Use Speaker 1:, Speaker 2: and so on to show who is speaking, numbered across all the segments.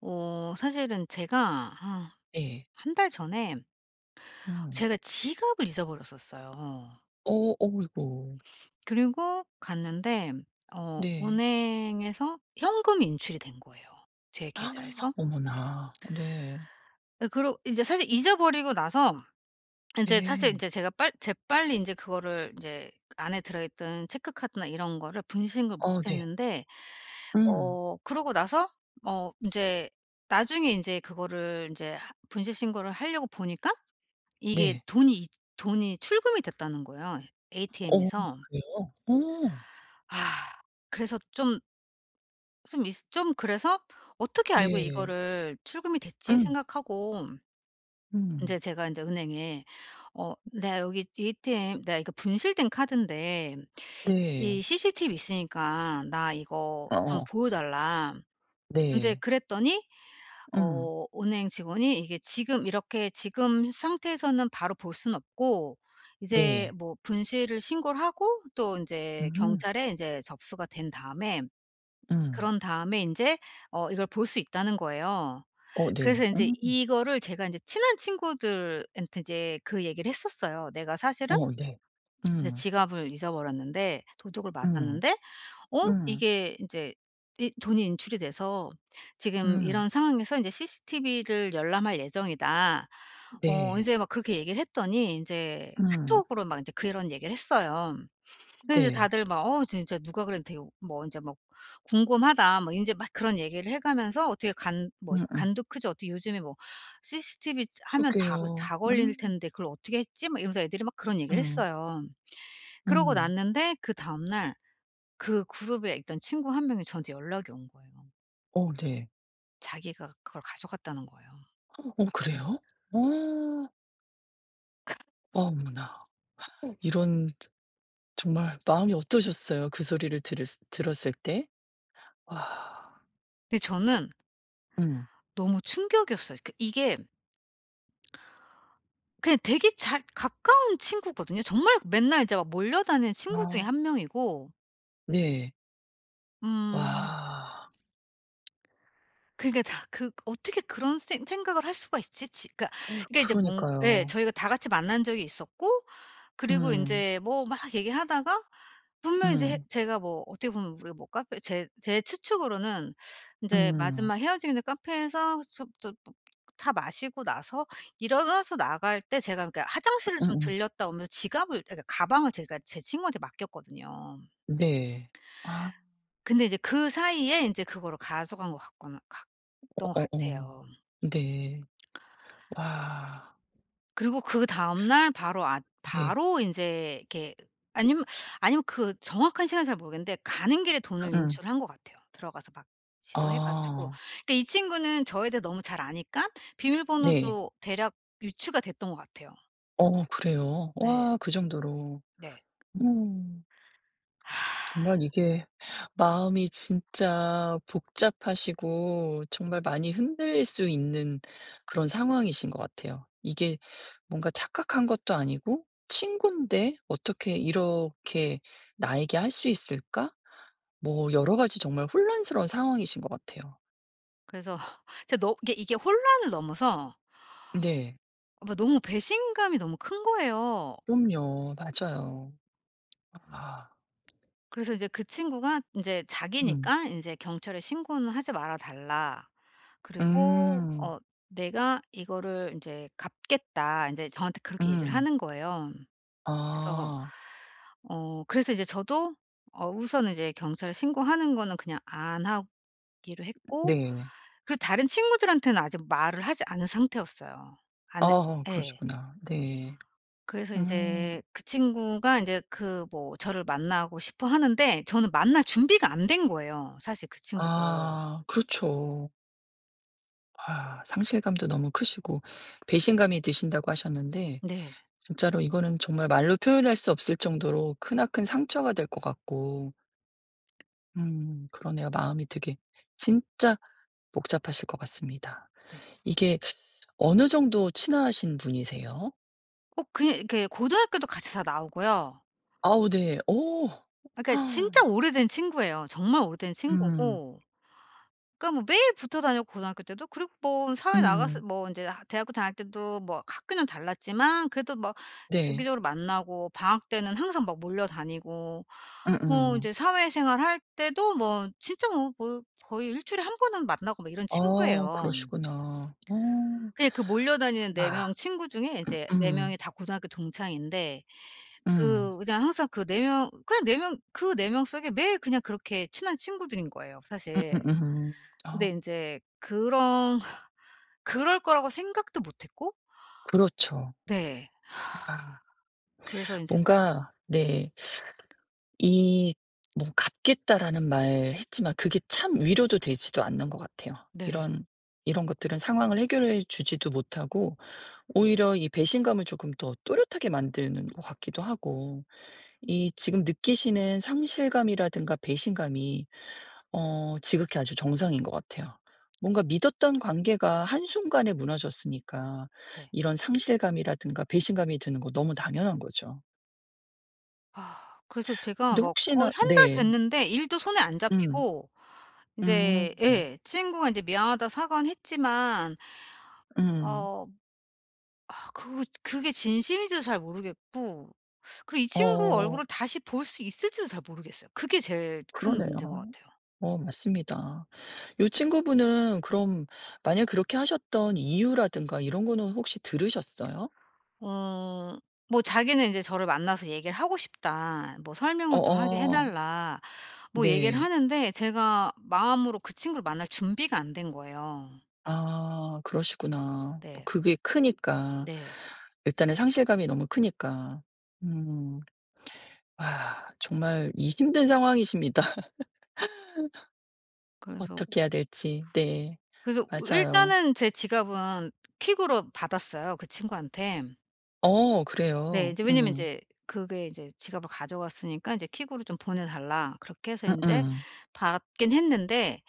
Speaker 1: 어 사실은 제가 아
Speaker 2: 예.
Speaker 1: 1 달 전에
Speaker 2: 음.
Speaker 1: 제가 지갑을 잊어버렸었어요.
Speaker 2: 어 어이고.
Speaker 1: 그리고 갔는데 어
Speaker 2: 네.
Speaker 1: 은행에서 현금 인출이 된 거예요 제 계좌에서.
Speaker 2: 어머나. 네.
Speaker 1: 어 그러고 인제 사실 잊어버리고 나서 인제 사실
Speaker 2: 예.
Speaker 1: 인제 제가 빨 재빨리 인제 그거를 인제 그 안에 들어 있던 체크카드나 이런 거를 분실 신고를 못
Speaker 2: 어 네.
Speaker 1: 했는데
Speaker 2: 음.
Speaker 1: 어 그러고 나서 어 인제 나중에 인제 그거를 인제 하 분실 신고를 하려고 보니까 이게
Speaker 2: 네.
Speaker 1: 돈이 이 돈이 출금이 됐다는 거예요,
Speaker 2: 어
Speaker 1: ATM에서.
Speaker 2: 그래요? 어머.
Speaker 1: 아. 그래서 좀 좀 이스 좀 그래서 '어떻게 알고
Speaker 2: 네.
Speaker 1: 이거를 출금이 됐지?'
Speaker 2: 음.
Speaker 1: 생각하고 인제
Speaker 2: 음.
Speaker 1: 제가 인제 은행에 "어 내가 여기 ATM 내가 이거 분실된 카드인데
Speaker 2: 네.
Speaker 1: 이 CCTV 있으니까 나 이거 좀
Speaker 2: 어어.
Speaker 1: 보여 달라." 인제
Speaker 2: 네.
Speaker 1: 그랬더니
Speaker 2: 응.
Speaker 1: 어 은행 직원이 "이게 지금 이렇게 지금 상태에서는 바로 볼 순 없고 이제
Speaker 2: 네.
Speaker 1: 뭐 분실을 신고를 하고 또 인제
Speaker 2: 음.
Speaker 1: 경찰에 인제 접수가 된 다음에
Speaker 2: 음.
Speaker 1: 그런 다음에 인제 어 이걸 볼 수 있다."는 거예요.
Speaker 2: 어 네.
Speaker 1: 그래서 인제
Speaker 2: 음.
Speaker 1: 이거를 제가 인제 친한 친구들한테 이제 그 얘기를 했었어요. "내가 사실은
Speaker 2: 어 네.
Speaker 1: 이제
Speaker 2: 음.
Speaker 1: 지갑을 잊어버렸는데 도둑을
Speaker 2: 음.
Speaker 1: 맞았는데 어
Speaker 2: 음.
Speaker 1: 이게 인제 이 돈이 인출이 돼서 지금
Speaker 2: 음.
Speaker 1: 이런 상황에서 인제 CCTV를 열람 할 예정이다." 어
Speaker 2: 네.
Speaker 1: 이제 막 그렇게 얘기를 했더니 인제
Speaker 2: 음.
Speaker 1: 카톡으로 막 인제 그런 얘기를 했어요. 그래서 이제
Speaker 2: 네.
Speaker 1: 다들 막 "어 진짜 누가 그래도 되오 뭐 인제 뭐 궁금하다." 뭐 인제 막 그런 얘기를 해 가면서 "어떻게 간 뭐
Speaker 2: 음음.
Speaker 1: 간도 크지. 어떻게 요즘에 뭐 CCTV 이제 하면 다 걸
Speaker 2: 그러게요.
Speaker 1: 다 걸릴
Speaker 2: 음
Speaker 1: 텐데 그걸 어떻게 했지?" 막 이러면서 애들이 막 그런 얘기를
Speaker 2: 음.
Speaker 1: 했어요. 그러고
Speaker 2: 음.
Speaker 1: 났는데 그 다음날 그 그룹에 있던 친구 1 명이 저한테 연락이 온 거예요.
Speaker 2: 어 네.
Speaker 1: 자기가 그걸 가져갔다는 거예요.
Speaker 2: 어 그래요? 어. 어머나 이런 정말 마음이 어떠셨어요 그 소리를 들었 들었을 때? 와.
Speaker 1: 근데 저는
Speaker 2: 음.
Speaker 1: 너무 충격이었어요. 그러니까 이게 그냥 되게 잘 가까운 친구거든요. 정말 맨날 이제 막 몰려다니는 친구 중의
Speaker 2: 아.
Speaker 1: 1 명이고
Speaker 2: 네.
Speaker 1: 음.
Speaker 2: 와.
Speaker 1: 그니까 다 그 어떻게 그런 생 생각을 할 수가 있지? 지 그러니까 그러니까 이제 뭔 예
Speaker 2: 그러니까요.
Speaker 1: 저희가 다 같이 만난 적이 있었고 그리고
Speaker 2: 음.
Speaker 1: 인제 뭐 막 얘기하다가 분명히 이제 해
Speaker 2: 음.
Speaker 1: 제가 뭐 어떻게 보면 우리가 뭐 카페 제 제 추측으로는 인제
Speaker 2: 음.
Speaker 1: 마지막 헤어지는 카페에서 숩 뜻 쁘 다 마시고 나서 일어나서 나갈 때 제가 그니까 화장실을 좀
Speaker 2: 음음.
Speaker 1: 들렀다 오면서 지갑을 그러니까 가방을 제가 제 친구한테 맡겼거든요.
Speaker 2: 네. 아.
Speaker 1: 근데 인제 그사이에 인제 그거로 가져간 것 같거나 갔던 것
Speaker 2: 어어어
Speaker 1: 같아요.
Speaker 2: 네. 와.
Speaker 1: 그리고 그다음 날 바로 아
Speaker 2: 네.
Speaker 1: 바로 인제 이렇게 아니면 아니면 그 정확한 시간은 잘 모르겠는데 가는 길에 돈을
Speaker 2: 음음.
Speaker 1: 인출한 것 같아요 들어가서 막 시도해 가지고.
Speaker 2: 아.
Speaker 1: 그러니까 이 친구는 저에 대해 너무 잘 아니까
Speaker 2: 네.
Speaker 1: 비밀번호도 대략 유추가 됐던 것 같아요.
Speaker 2: 어 그래요?
Speaker 1: 네.
Speaker 2: 와 그 정도로.
Speaker 1: 네.
Speaker 2: 음. 정말 이게 마음이 진짜 복잡하시고 정말 많이 흔들릴 수 있는 그런 상황이신 것 같아요. 이게 뭔가 착각한 것도 아니고 '친구인데 어떻게 이렇게 나에게 할 수 있을까?' 뭐 여러 가지 정말 혼란스러운 상황이신 것 같아요.
Speaker 1: 그래서 진짜 너 이게 혼란을 넘어서
Speaker 2: 네.
Speaker 1: 아 너무 배신감이 너무 큰 거예요.
Speaker 2: 그럼요. 맞아요. 아.
Speaker 1: 그래서 이제 그 친구가 인제
Speaker 2: 음.
Speaker 1: "자기니까 이제 경찰에 신고는 하지 말아 달라." 그리고
Speaker 2: 음.
Speaker 1: 어 "내가 이거를 인제 갚겠다." 인제 저한테 그렇게 얘기를
Speaker 2: 음.
Speaker 1: 하는 거예요. 그래서
Speaker 2: 아.
Speaker 1: 어 그래서 이제 저도 어 우선은 이제 경찰에 신고하는 거는 그냥 안 하기로 했고
Speaker 2: 네.
Speaker 1: 그리고 다른 친구들한테는 아직 말을 하지 않은 상태였어요. 안
Speaker 2: 어
Speaker 1: 예.
Speaker 2: 그러시구나. 네.
Speaker 1: 그래서
Speaker 2: 음.
Speaker 1: 인제 그 친구가 인제 그 뭐 저를 만나고 싶어 하는데 저는 만날 준비가 안 된 거예요 사실 그 친구를.
Speaker 2: 아 그렇죠. 아 상실감도 너무 크시고 배신감이 드신다고 하셨는데
Speaker 1: 네.
Speaker 2: 진짜로 이거는 정말 말로 표현할 수 없을 정도로 크나큰 상처가 될 것 같고 음 그러네요. 마음이 되게 진짜 복잡하실 것 같습니다.
Speaker 1: 네.
Speaker 2: 이게 어느 정도 친하신 분이세요?
Speaker 1: 어 그냥 이렇게 고등학교도 같이 다 나오고요.
Speaker 2: 아우 네. 어.
Speaker 1: 그니까 진짜 오래된 친구예요. 정말 오래된
Speaker 2: 음.
Speaker 1: 친구고 그러니까 뭐 매일 붙어 다녔고 고등학교 때도 그리고 뭐 사회 나가서
Speaker 2: 음음.
Speaker 1: 뭐 이제 아 대학교 다닐 때도 뭐 학교는 달랐지만 그래도 뭐
Speaker 2: 네.
Speaker 1: 주기적으로 만나고 방학 때는 항상 막 몰려 다니고 어
Speaker 2: 음음.
Speaker 1: 이제 사회생활 할 때도 뭐 진짜 뭐 뭐 거의 1 주일에 1 번은 만나고 막 이런
Speaker 2: 아
Speaker 1: 친구예요.
Speaker 2: 그러시구나. 어.
Speaker 1: 그냥 그 몰려 다니는 4
Speaker 2: 아
Speaker 1: 명 친구 중에 이제 4
Speaker 2: 으음.
Speaker 1: 명이 다 고등학교 동창인데
Speaker 2: 음.
Speaker 1: 그 그냥 항상 그 4 명 그냥 4 명 그 4 명 속에 매일 그냥 그렇게 친한 친구들인 거예요 사실.
Speaker 2: 음음음음.
Speaker 1: 근데
Speaker 2: 어.
Speaker 1: 인제 그런 그럴 거라고 생각도 못 했고
Speaker 2: 그렇죠.
Speaker 1: 네.
Speaker 2: 아.
Speaker 1: 그래서 인제
Speaker 2: 뭔가 네. 이 뭐 "갚겠다."라는 말 했지만 그게 참 위로도 되지도 않는 것 같아요.
Speaker 1: 네.
Speaker 2: 이런 이런 것들은 상황을 해결해 주지도 못하고 오히려 이 배신감을 쪼금 더 또렷하게 만드는 것 같기도 하고 이 지금 느끼시는 상실감이라든가 배신감이 어 지극히 아주 정상인 것 같아요. 뭔가 믿었던 관계가 한순간에 무너졌으니까
Speaker 1: 네.
Speaker 2: 이런 상실감이라든가 배신감이 드는 거 너무 당연한 거죠.
Speaker 1: 아 그래서 제가
Speaker 2: 근데
Speaker 1: 막 거의
Speaker 2: 혹시나
Speaker 1: 1 달
Speaker 2: 네.
Speaker 1: 됐는데 일도 손에 안
Speaker 2: 음.
Speaker 1: 잡히고 인제
Speaker 2: 음.
Speaker 1: 예 친구가 인제 미안하다고 사과는 했지만
Speaker 2: 음.
Speaker 1: 어. 아 그 그게 진심인지도 잘 모르겠고. 그리고 이 친구 얼굴을
Speaker 2: 어.
Speaker 1: 다시 볼 수 있을지도 잘 모르겠어요. 그게 제일 큰
Speaker 2: 그러네요.
Speaker 1: 문제인 것 같아요.
Speaker 2: 어 맞습니다. 요 친구분은 그럼 만약 그렇게 하셨던 이유라든가 이런 거는 혹시 들으셨어요?
Speaker 1: 음. 뭐 자기는 이제 저를 만나서 "얘기를 하고 싶다." 뭐 "설명을 좀 하게 해
Speaker 2: 어어.
Speaker 1: 달라." 뭐 얘기를
Speaker 2: 네.
Speaker 1: 하는데 제가 마음으로 그 친구를 만날 준비가 안 된 거예요.
Speaker 2: 아 그러시구나. 뭐
Speaker 1: 네.
Speaker 2: 그게 크니까.
Speaker 1: 네.
Speaker 2: 일단은 상실감이 너무 크니까. 음. 아 정말 이 힘든 상황이십니다.
Speaker 1: 그래서
Speaker 2: 어떻게 해야 될지 네.
Speaker 1: 그래서 우
Speaker 2: 맞아요.
Speaker 1: 일단은 제 지갑은 퀵으로 받았어요 그 친구한테.
Speaker 2: 어
Speaker 1: 네.
Speaker 2: 그래요.
Speaker 1: 인제 왜냐하면
Speaker 2: 음.
Speaker 1: 인제 그게 이제 지갑을 가져갔으니까 인제 퀵으로 좀 보내달라. 그렇게 해서 인제
Speaker 2: 음음.
Speaker 1: 받긴 했는데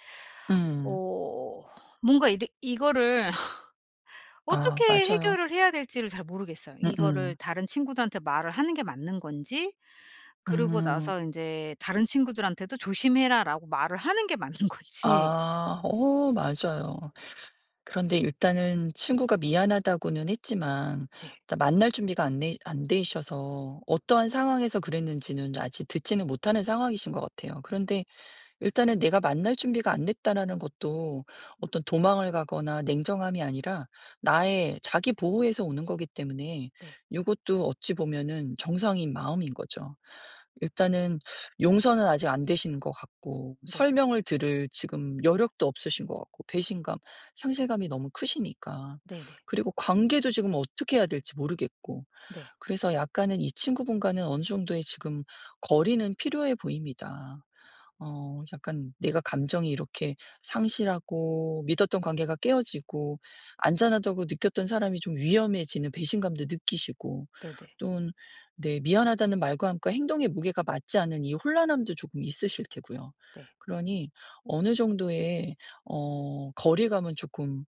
Speaker 2: 음.
Speaker 1: 어 뭔가 이래 이거를 어떻게
Speaker 2: 아 맞아요.
Speaker 1: 해결을 해야 될지를 잘 모르겠어요. 이거를
Speaker 2: 음음.
Speaker 1: 다른 친구들한테 말을 하는 게 맞는 건지. 그러고
Speaker 2: 음.
Speaker 1: 나서 인제 다른 친구들한테도 "조심해라."라고 말을 하는 게 맞는 건지.
Speaker 2: 아 어 맞아요. 그런데 일단은 친구가 미안하다고는 했지만
Speaker 1: 네.
Speaker 2: 일단 만날 준비가 안되 안되셔서 어떠한 상황에서 그랬는지는 아직 듣지는 못하는 상황이신 것 같아요. 그런데 일단은 내가 만날 준비가 안 됐다라는 것도 어떤 도망을 가거나 냉정함이 아니라 나의 자기 보호에서 오는 거기 때문에
Speaker 1: 네.
Speaker 2: 요것도 어찌 보면은 정상인 마음인 거죠. 일단은 용서는 아직 안 되신 것 같고
Speaker 1: 네.
Speaker 2: 설명을 들을 지금 여력도 없으신 것 같고 배신감 상실감이 너무 크시니까.
Speaker 1: 네네.
Speaker 2: 그리고 관계도 지금 어떻게 해야 될지 모르겠고.
Speaker 1: 네.
Speaker 2: 그래서 약간은 이 친구분과는 어느 정도의 지금 거리는 필요해 보입니다. 어 약간 내가 감정이 이렇게 상실하고 믿었던 관계가 깨어지고 안전하다고 느꼈던 사람이 좀 위험해지는 배신감도 느끼시고
Speaker 1: 네네.
Speaker 2: 또는 네 미안하다는 말과 함께 행동의 무게가 맞지 않은 이 혼란함도 쪼금 있으실 테고요.
Speaker 1: 네.
Speaker 2: 그러니 어느 정도의 어 거리감은 쪼끔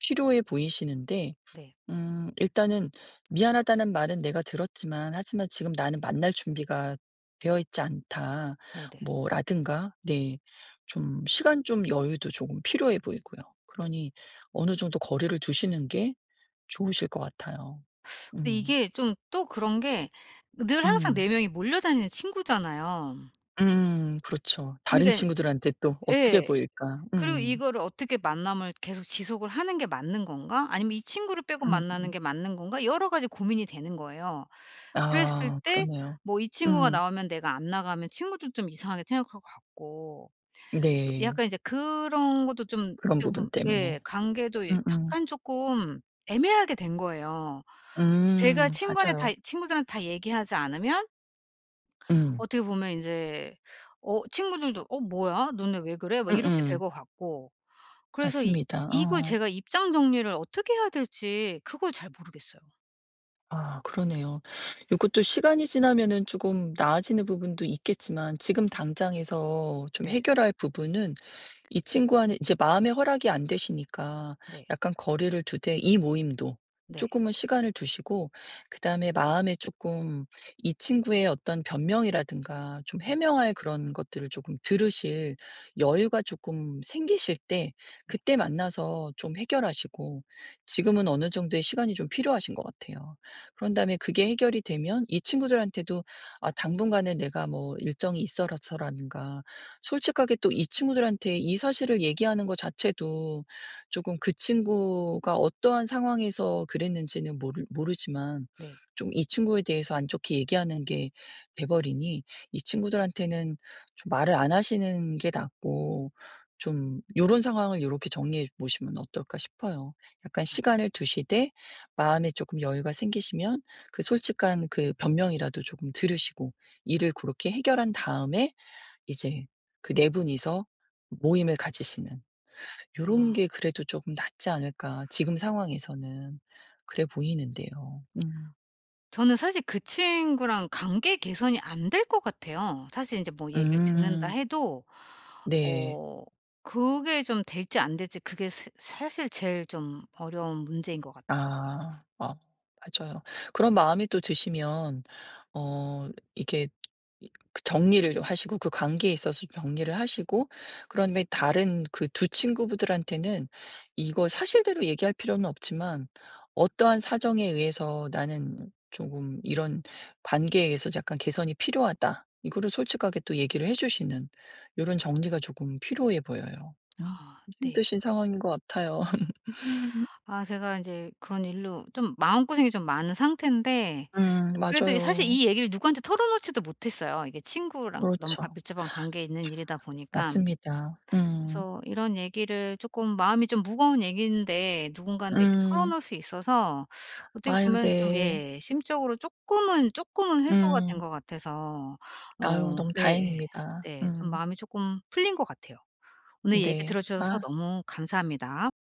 Speaker 2: 필요해 보이시는데
Speaker 1: 네.
Speaker 2: 음. 일단은 "미안하다는 말은 내가 들었지만 하지만 지금 나는 만날 준비가 되어 있지 않다."
Speaker 1: 네네.
Speaker 2: 뭐 라든가 네 좀 시간 좀 여유도 좀 필요해 보이고요. 그러니 어느 정도 거리를 두시는 게 좋으실 것 같아요.
Speaker 1: 근데
Speaker 2: 음.
Speaker 1: 이게 좀 또 그런 게 늘 항상
Speaker 2: 음.
Speaker 1: 4 명이 몰려다니는 친구잖아요.
Speaker 2: 음 그렇죠. 다른
Speaker 1: 그러니까는
Speaker 2: 친구들한테 또 어떻게
Speaker 1: 예.
Speaker 2: 보일까?
Speaker 1: 그리고
Speaker 2: 음.
Speaker 1: 이거를 어떻게 만남을 계속 지속을 하는 게 맞는 건가? 아니면 이 친구를 빼고 만나는
Speaker 2: 음음.
Speaker 1: 게 맞는 건가? 여러 가지 고민이 되는 거예요. 그랬을
Speaker 2: 아
Speaker 1: 때
Speaker 2: 그러네요.
Speaker 1: 뭐 이 친구가
Speaker 2: 음.
Speaker 1: 나오면 내가 안 나가면 친구들도 좀 이상하게 생각할 것 같고. 또
Speaker 2: 네.
Speaker 1: 약간 이제 그런 것도 좀
Speaker 2: 그런
Speaker 1: 어떻게
Speaker 2: 부분
Speaker 1: 보면 예
Speaker 2: 때문에.
Speaker 1: 관계도
Speaker 2: 음음.
Speaker 1: 약간 쪼끔 애매하게 된 거예요. 제가
Speaker 2: 음
Speaker 1: 친구한테 다
Speaker 2: 맞아요.
Speaker 1: 친구들한테 다 얘기하지 않으면
Speaker 2: 음.
Speaker 1: 어떻게 보면 이제 어 친구들도 "어 뭐야? 너네 왜 그래?" 막 이렇게 될
Speaker 2: 음음.
Speaker 1: 것 같고. 그래서 이
Speaker 2: 맞습니다.
Speaker 1: 이걸
Speaker 2: 어.
Speaker 1: 제가 입장 정리를 어떻게 해야 될지 그걸 잘 모르겠어요.
Speaker 2: 아. 그러네요. 요것도 시간이 지나면은 조금 나아지는 부분도 있겠지만 지금 당장에서 좀
Speaker 1: 네.
Speaker 2: 해결할 부분은 이 친구와는 이제 마음의 허락이 안 되시니까
Speaker 1: 네.
Speaker 2: 약간 거리를 두되 이 모임도
Speaker 1: 네.
Speaker 2: 조금은 시간을 두시고 그다음에 마음에 조금 이 친구의 어떤 변명이라든가 좀
Speaker 1: 네.
Speaker 2: 해명할 그런 것들을 조금 들으실 여유가 조금 생기실 때
Speaker 1: 네.
Speaker 2: 그때 만나서 좀 해결하시고 지금은 어느 정도의 시간이 좀 필요하신 것 같아요. 그런 다음에 그게 해결이 되면 이 친구들한테도 아 당분간은 내가 뭐 일정이 있어서라든가 솔직하게 또 이 친구들한테 이 사실을 얘기하는 거 자체도 조금 그 친구가 어떠한 상황에서 그랬는지는 모르 모르지만
Speaker 1: 네.
Speaker 2: 좀 이 친구에 대해서 안 좋게 얘기하는 게 돼 버리니 이 친구들한테는 좀 말을 안 하시는 게 낫고 좀 '요런 상황을 요렇게 정리해 보시면 어떨까?' 싶어요. 약간
Speaker 1: 아.
Speaker 2: 시간을 두시되 마음에 쪼끔 여유가 생기시면 그 솔직한 그 변명이라도 조금 들으시고 일을 고렇게 해결한 다음에 이제 그 4 분이서 모임을 가지시는 '요런
Speaker 1: 아.
Speaker 2: 게 그래도 쪼금 낫지 않을까?' 지금 상황에서는 그래 보이는데요. 음.
Speaker 1: 저는 사실 그 친구랑 관계 개선이 안 될 것 같아요. 사실 인제 뭐 얘기를 듣는다
Speaker 2: 음.
Speaker 1: 해도
Speaker 2: 네.
Speaker 1: 어 그게 좀 될지 안 될지 그게 새 사실 제일 좀 어려운 문제인 것 같더라고요.
Speaker 2: 아. 어. 맞아요. 그런 마음이 또 드시면 어 이게 이 그 정리를 좀 하시고 그 관계에 있어서 정리를 하시고 그런 후에 다른 그 2 친구분들한테는 이거 사실대로 얘기할 필요는 없지만 어떠한 사정에 의해서 "나는 쪼금 이런 관계에 의해서 약간 개선이 필요하다." 이거를 솔직하게 또 얘기를 해 주시는 요런 정리가 조금 필요해 보여요. 음. 음.
Speaker 1: 아 네.
Speaker 2: 힘드신 상황인 것 같아요.
Speaker 1: 아 제가 인제 그런 일로 좀 마음고생이 좀 많은 상태인데
Speaker 2: 음.
Speaker 1: 그래도 이 사실
Speaker 2: 맞아요.
Speaker 1: 이 얘기를 누구한테 털어놓지도 못했어요. 이게 친구랑 너무 과
Speaker 2: 그렇죠.
Speaker 1: 밀접한 관계 있는 일이다
Speaker 2: 아
Speaker 1: 보니까.
Speaker 2: 진짜 맞습니다. 음.
Speaker 1: 그래서 이런 얘기를 조금 마음이 좀 무거운 얘기인데 누군가한테 이렇게
Speaker 2: 음.
Speaker 1: 털어놓을 수 있어서 어떻게
Speaker 2: 아유,
Speaker 1: 보면 좀
Speaker 2: 네.
Speaker 1: 예. 심적으로 쪼끔은, 쪼끔은 해소가 된
Speaker 2: 음.
Speaker 1: 것 같아서.
Speaker 2: 아유,
Speaker 1: 어.
Speaker 2: 너무
Speaker 1: 예예.
Speaker 2: 다행입니다.
Speaker 1: 네. 좀
Speaker 2: 음.
Speaker 1: 마음이 쪼끔 풀린 것 같아요. 오늘 얘기
Speaker 2: 네.
Speaker 1: 들어주셔서
Speaker 2: 아.
Speaker 1: 너무 감사합니다.